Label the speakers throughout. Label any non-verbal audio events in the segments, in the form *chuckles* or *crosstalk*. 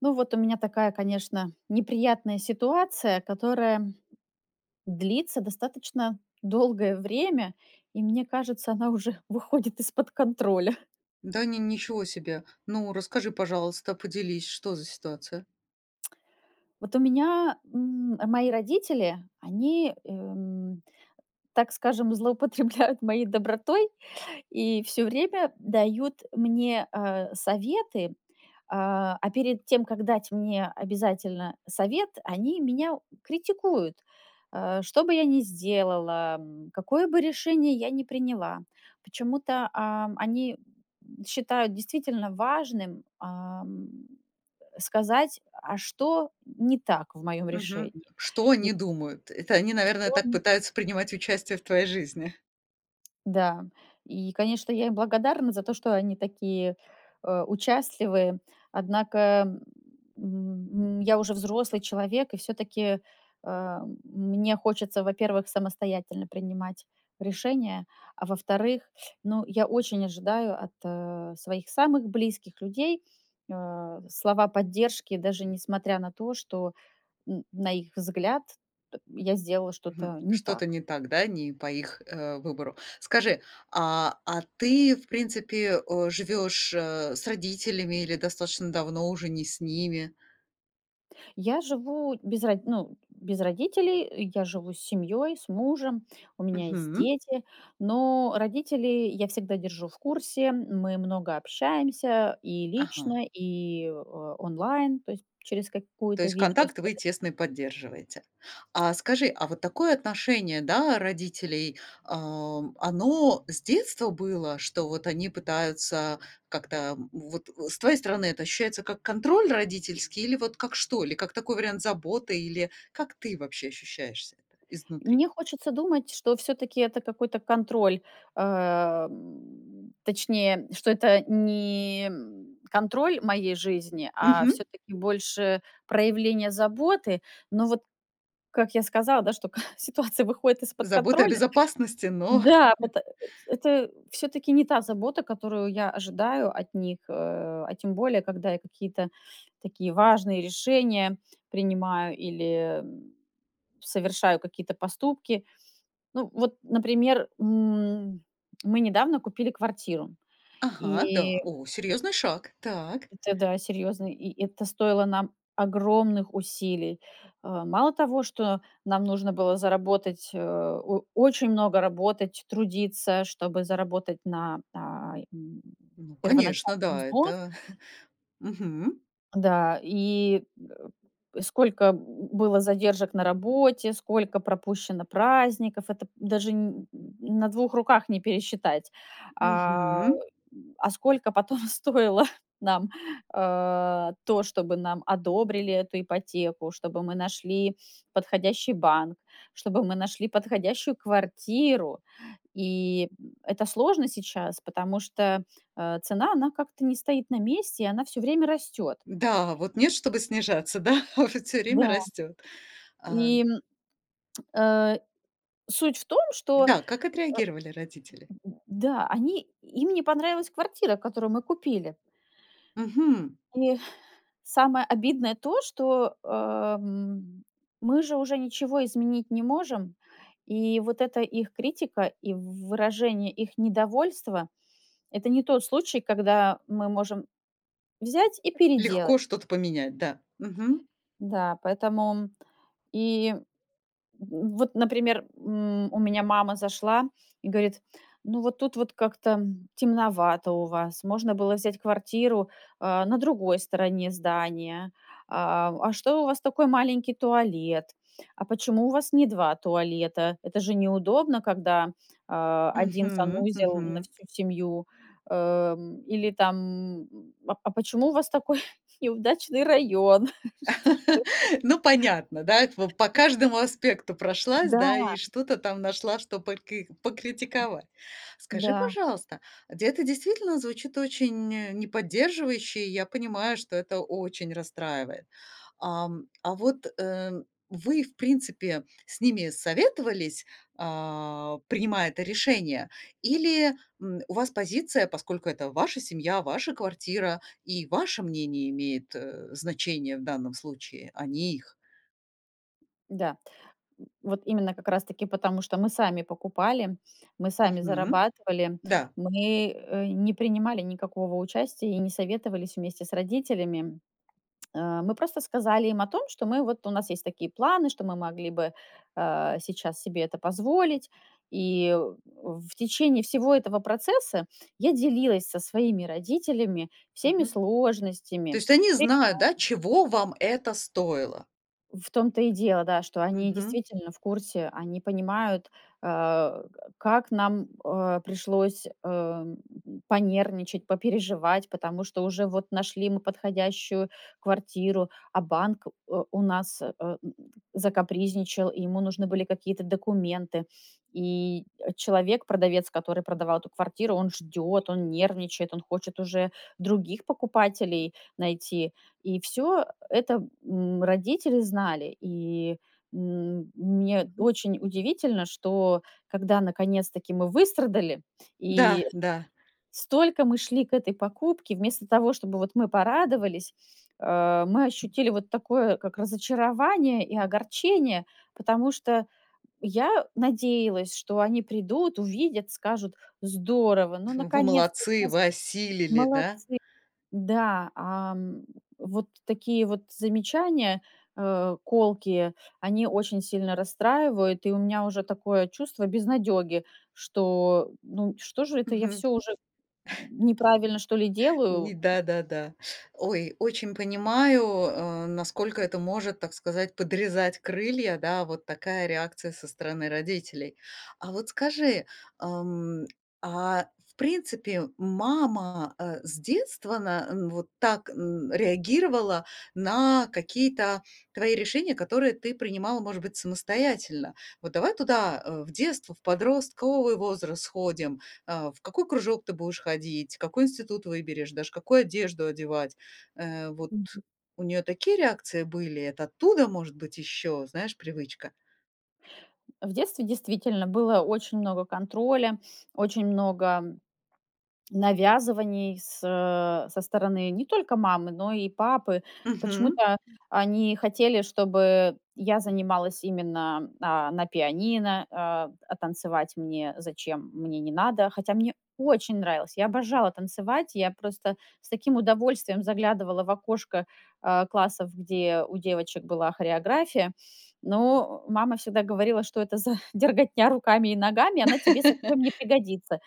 Speaker 1: Ну вот, у меня такая, конечно, неприятная ситуация, которая длится достаточно долгое время, и мне кажется, она уже выходит из-под контроля. *chuckles*
Speaker 2: Да, ни ничего себе! Ну, расскажи, пожалуйста, поделись, что за ситуация?
Speaker 1: *clicks tongue* Вот у меня, м, а, мои родители, они, эм, так скажем, злоупотребляют моей добротой и всё время дают мне, а, советы, а, а перед тем, как дать мне обязательно совет, они меня, критикуют, э, что бы я ни сделала, м, какое бы решение я ни приняла. Почему-то, ам, они, м, считают действительно важным, ам, э, сказать, а что не так в моём
Speaker 2: Мгм.
Speaker 1: решении.
Speaker 2: Что
Speaker 1: И
Speaker 2: они думают? Это они, наверное,
Speaker 1: Что
Speaker 2: так
Speaker 1: ни
Speaker 2: пытаются принимать участие в твоей жизни.
Speaker 1: Да, и конечно, я им благодарна за то, что они такие, э, участливые. Однако, м м, я уже взрослый человек и всё-таки, а, мне хочется, во-первых, самостоятельно принимать решения, а во-вторых, ну, я очень ожидаю от своих самых близких людей, а, слова поддержки, даже несмотря на то, что н на их взгляд, э, я сделала
Speaker 2: Хм,
Speaker 1: что-то не так.
Speaker 2: что-то не так, да? Не по их, э, выбору. Скажи, а, а ты, в принципе, э, живёшь, э, с родителями или достаточно давно уже не с ними?
Speaker 1: Я живу без ро ну, без родителей, я живу с семьей, с мужем, у меня есть
Speaker 2: Мгм.
Speaker 1: дети. Но родителей я всегда держу в курсе, мы много общаемся и
Speaker 2: Ага.
Speaker 1: лично, и о онлайн, то есть через
Speaker 2: То
Speaker 1: какую-то
Speaker 2: есть
Speaker 1: видео
Speaker 2: контакт вы
Speaker 1: связь.
Speaker 2: тесный поддерживаете. А скажи, а вот такое отношение, да, родителей, а, оно с детства было, что вот они пытаются как-то, м, вот, э С твоей стороны это ощущается как контроль родительский или вот как что, или как такой вариант заботы, или как ты вообще ощущаешься изнутри?
Speaker 1: Мне хочется думать, что всё-таки это какой-то контроль, а, м, точнее, что это не, м, контроль моей жизни, а
Speaker 2: Мгм.
Speaker 1: всё-таки больше проявление заботы. Но вот, как я сказала, да, что *chuckles* ситуация выходит из-под
Speaker 2: Заботы о
Speaker 1: контроля
Speaker 2: безопасности, но
Speaker 1: Да,
Speaker 2: *chuckles*
Speaker 1: вот, э э это всё-таки не та забота, которую я ожидаю от них. Э, а тем более, когда я какие-то такие важные решения принимаю или, м, совершаю какие-то поступки. Ну вот, например, м, мы недавно купили квартиру,
Speaker 2: Ага, да.
Speaker 1: и
Speaker 2: О! Серьезный шаг! Так.
Speaker 1: Это, да, серьезный. И это стоило нам огромных усилий. А, мало того, что нам нужно было заработать, э, о очень много работать, трудиться, чтобы заработать на, а, и
Speaker 2: Ну конечно,
Speaker 1: первоначальным
Speaker 2: да.
Speaker 1: взнос
Speaker 2: Это *chuckles* Мгм.
Speaker 1: да, и, э, сколько б было задержек на работе, сколько пропущено праздников, это п даже н н на 2 руках не пересчитать, а,
Speaker 2: Мгм.
Speaker 1: а сколько потом стоило нам, а, то, чтобы нам одобрили эту ипотеку, чтобы мы нашли подходящий банк, чтобы мы нашли подходящую квартиру. И, м, это сложно сейчас, потому что, а, цена, она как-то не стоит на месте, и она всё время растет.
Speaker 2: Да, вот нет, чтобы снижаться, да? А вот всё время
Speaker 1: Да.
Speaker 2: растет. А
Speaker 1: И, э, суть в том, что,
Speaker 2: Да. Как отреагировали родители?
Speaker 1: э, да, они им не понравилась квартира, которую мы купили.
Speaker 2: Мгм.
Speaker 1: И самое обидное то, что, э, м, мы же уже ничего изменить не можем, и вот эта их критика и в выражение их недовольства- это не тот случай, когда мы можем взять и переделать.
Speaker 2: Легко что-то поменять, да. Мгм.
Speaker 1: Да, поэтому и в вот, например, м, у меня мама зашла и говорит: "Ну, вот тут вот как-то темновато у вас. Можно было взять квартиру, а, на другой стороне здания. А в А что у вас такой маленький туалет? А почему у вас не 2 туалета? Это же неудобно, когда, а, 1
Speaker 2: Мгм,
Speaker 1: санузел на
Speaker 2: мгм.
Speaker 1: всю семью". Э, м, или там, м: "А а почему у вас такой неудачный район?" Что что?
Speaker 2: *laughs* Ну, понятно, до этого по каждому аспекту прошлась, да,
Speaker 1: Да.
Speaker 2: и что-то там нашла, что покы покритиковать. Скажи,
Speaker 1: Да.
Speaker 2: пожалуйста, де это действительно звучит очень не поддерживающе, и я понимаю, что это очень расстраивает. Ам, а вот, э, вы в принципе с ними советовались, а, принимая это решение, или, м, у вас позиция: поскольку это ваша семья, ваша квартира и ваше мнение имеет, э, значение в данном случае, а не их?
Speaker 1: Да. Вот именно как раз таки потому, что мы сами покупали, мы сами
Speaker 2: Мгм.
Speaker 1: зарабатывали,
Speaker 2: Да.
Speaker 1: мы, э, не принимали никакого участия и не советовались вместе с родителями. Э, мы просто сказали им о том, что мы вот у нас есть такие планы, что мы могли бы, а, сейчас себе это позволить. И в в течение всего этого процесса я делилась со своими родителями всеми
Speaker 2: Мгм. То
Speaker 1: сложностями,
Speaker 2: есть они
Speaker 1: препятс
Speaker 2: знают, да, чего вам это стоило?
Speaker 1: В том-то и дело, да, что они
Speaker 2: Мгм.
Speaker 1: действительно в курсе, они понимают, а, э, как нам, а, пришлось, э, понервничать, попереживать, потому что уже вот нашли мы подходящую квартиру, а банк, э, у нас, э, м, закапризничал, ему нужны были какие-то документы. И, э, человек, продавец, который продавал эту квартиру, он ждет, он нервничает, он хочет уже других покупателей найти, и всё э это, м, родители знали. И, м, мне
Speaker 2: Мгм.
Speaker 1: очень удивительно, что, когда наконец-таки мы выстрадали, и
Speaker 2: Да, да.
Speaker 1: столько мы шли к этой покупке, вместо того, чтобы вот мы порадовались, а, мы ощутили вот такое как разочарование и огорчение, потому что я надеялась, что они придут, увидят, скажут: "Здорово! Ну
Speaker 2: Вы
Speaker 1: наконец-то!
Speaker 2: молодцы,
Speaker 1: *unintelligible*
Speaker 2: вы осилили, да?
Speaker 1: Молодцы!" Да, ам, вот такие вот замечания, э, колкие- они очень сильно расстраивают. И у меня уже такое чувство безнадеги, что, ну, что же это я
Speaker 2: Мгм.
Speaker 1: всё уже н неправильно что ли делаю?
Speaker 2: Ни да-да-да. Ой, очень понимаю, э, насколько это может, так сказать, подрезать крылья, да, вот такая реакция со стороны родителей. А вот скажи, ам, а в принципе, мама, э, с детства на м, вот так н реагировала на какие-то твои решения, которые ты принимала, может быть, самостоятельно? Вот давай туда, э, в детство, в подростковый возраст сходим: а, в какой кружок ты будешь ходить, в какой институт выберешь, даже какую одежду одевать,- э, вот
Speaker 1: Мгм.
Speaker 2: у нее такие реакции были, это оттуда может быть еще, знаешь, привычка?
Speaker 1: В детстве действительно было очень много контроля, очень много навязываний с со стороны не только мамы, но и папы.
Speaker 2: Мгм.
Speaker 1: Почему-то они хотели, чтобы я занималась именно, а, на пианино, а, а танцевать мне, зачем, мне не надо. Хотя мне очень нравилось, я обожала танцевать, я просто с таким удовольствием заглядывала в окошко, а, классов, где у девочек была хореография, но, э, мама всегда говорила: "Что это за дерготня руками и ногами? Она тебе
Speaker 2: *laughs*
Speaker 1: совсем не пригодится".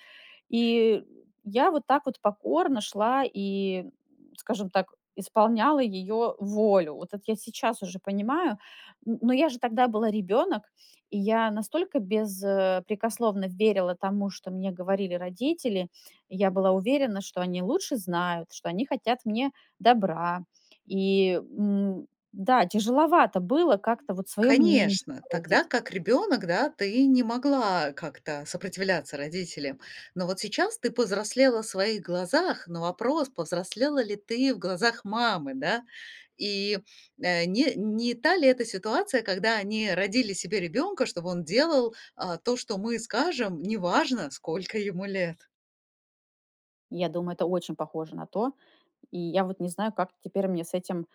Speaker 1: И я вот так вот покорно шла и, *grunts* скажем так, исполняла её волю. Вот это я сейчас уже понимаю, н но я же тогда была ребенок, и я настолько бес э,...прекословно верила тому, что мне говорили родители, и я была уверена, что они лучше знают, что они хотят мне добра. И, м, да, тяжеловато было как-то вот свое мнение
Speaker 2: Конечно, тогда
Speaker 1: выразить.
Speaker 2: как ребенок, да, ты не могла как-то сопротивляться родителям. Но вот сейчас ты повзрослела в своих глазах, но вопрос, повзрослела ли ты в глазах мамы, да? И, э, не не та ли эта ситуация, когда они родили себе ребенка: "Чтобы он делал, а, то, что мы скажем"- неважно, сколько ему лет.
Speaker 1: Я думаю, это очень похоже на то. И я вот не знаю, как теперь мне с этим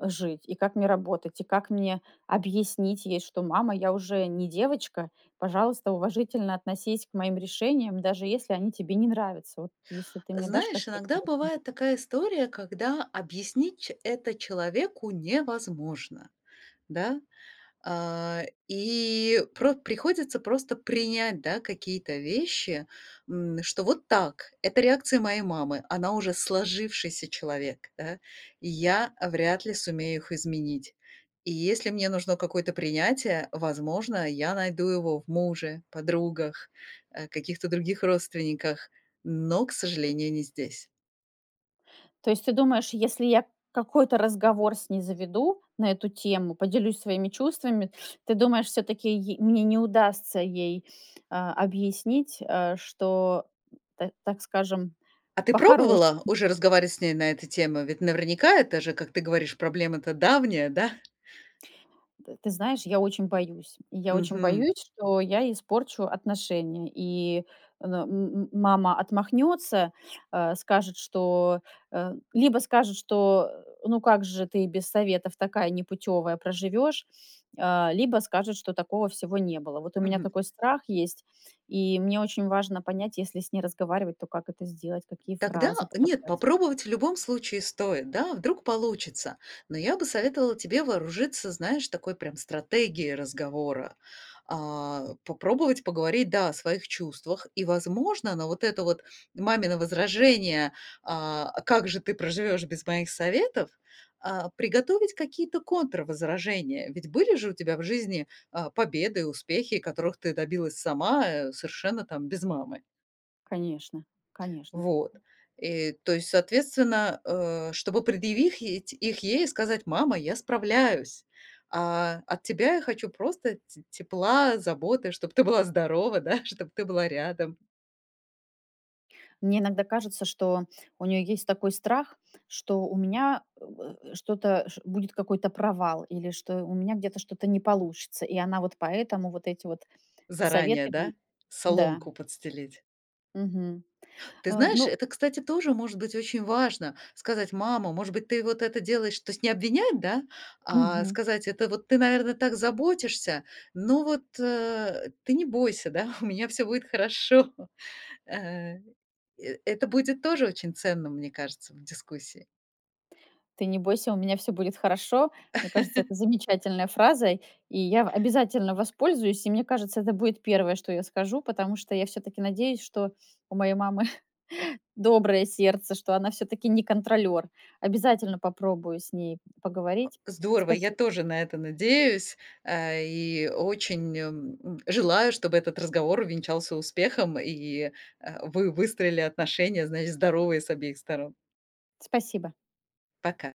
Speaker 1: жить, и как мне работать, и как мне объяснить ей, что: "Мама, я уже не девочка, пожалуйста, уважительно относись к моим решениям, даже если они тебе не нравятся". Вот если ты мне дашь
Speaker 2: Знаешь,
Speaker 1: какие-то в
Speaker 2: иногда
Speaker 1: этом.
Speaker 2: бывает
Speaker 1: *unintelligible*
Speaker 2: такая история, когда объяснить ч это человеку невозможно, да. А, и про приходится просто принять, да, какие-то вещи, м, что вот так- это реакция моей мамы, она уже сложившийся человек, да. И я вряд ли сумею их изменить. И если мне нужно какое-то принятие, возможно, я найду его в муже, подругах, э, каких-то других родственниках, но, к сожалению, не здесь.
Speaker 1: То есть ты думаешь, если я какой-то разговор с ней заведу на эту тему, поделюсь своими чувствами, ты думаешь, всё-таки й мне не удастся ей, а, объяснить, э, что это, так скажем,
Speaker 2: А ты
Speaker 1: по-хорошем
Speaker 2: пробовала уже разговаривать с ней на эту тему? Ведь, наверняка, это же, как ты говоришь, проблема-то давняя, да?
Speaker 1: Т ты знаешь, я очень боюсь, я очень
Speaker 2: Мгм.
Speaker 1: боюсь, что я испорчу отношения, и, но, м м мама отмахнется, а, скажет, что, э, либо скажет, что: "Ну, как же ты без советов такая непутевая проживешь", а, либо скажет, что "Такого всего не было". Вот у меня
Speaker 2: Мгм.
Speaker 1: такой страх есть, и мне очень важно понять, если с ней разговаривать, то как это сделать, какие фразы
Speaker 2: Тогда, нет,
Speaker 1: подобрать.
Speaker 2: попробовать, в любом случае, стоит, да, а вдруг получится. Но я бы советовала тебе вооружиться, знаешь, такой прям стратегией разговора. А, попробовать поговорить, да, о своих чувствах и, возможно, на вот это вот мамино возражение, а: "А как же ты проживешь без моих советов?"- а, приготовить какие-то контрвозражения. Ведь были же у тебя в жизни, а, победы и успехи, которых ты добилась сама, э, совершенно там без мамы.
Speaker 1: Конечно, конечно.
Speaker 2: Вот. И то есть, соответственно, э, чтобы предъявить их ей, сказать: "Мама, я справляюсь, а, от тебя я хочу просто т тепла, заботы, чтобы ты была здорова, да, чтоб ты была рядом".
Speaker 1: Мне иногда кажется, что у неё есть такой страх, что у меня, м, э, что-то ш будет какой-то провал, или что у меня где-то что-то не получится, и она вот поэтому вот эти вот
Speaker 2: Заранее,
Speaker 1: советы м
Speaker 2: да?
Speaker 1: Да.
Speaker 2: Соломку подстелить.
Speaker 1: Мгм.
Speaker 2: Ты
Speaker 1: А,
Speaker 2: знаешь,
Speaker 1: ну
Speaker 2: это, кстати, тоже, может быть, очень важно сказать: "Мама, может быть ты вот это делаешь" То есть не обвинять, да, а
Speaker 1: Мгм.
Speaker 2: сказать: "Это вот ты, наверное, так заботишься, но вот, э, ты не бойся, да, *chuckles* у меня всё будет хорошо". *chuckles* Ага. Э это будет тоже очень ценно, мне кажется, в дискуссии.
Speaker 1: "Ты не бойся, у меня всё будет хорошо". Мне кажется,
Speaker 2: *laughs*
Speaker 1: это замечательная фраза, и я в обязательно воспользуюсь, и мне кажется, это будет первое, что я скажу, потому что я всё-таки надеюсь, что у моей мамы *chuckles* доброе сердце, что она всё-таки не контролер. Обязательно попробую с ней поговорить.
Speaker 2: Здорово! Я
Speaker 1: Спаси
Speaker 2: тоже на это надеюсь, а, и очень, эм, м, желаю, чтобы этот разговор увенчался успехом, и, э, вы выстроили отношения, значит, здоровые с обеих сторон.
Speaker 1: Спасибо.
Speaker 2: Пока!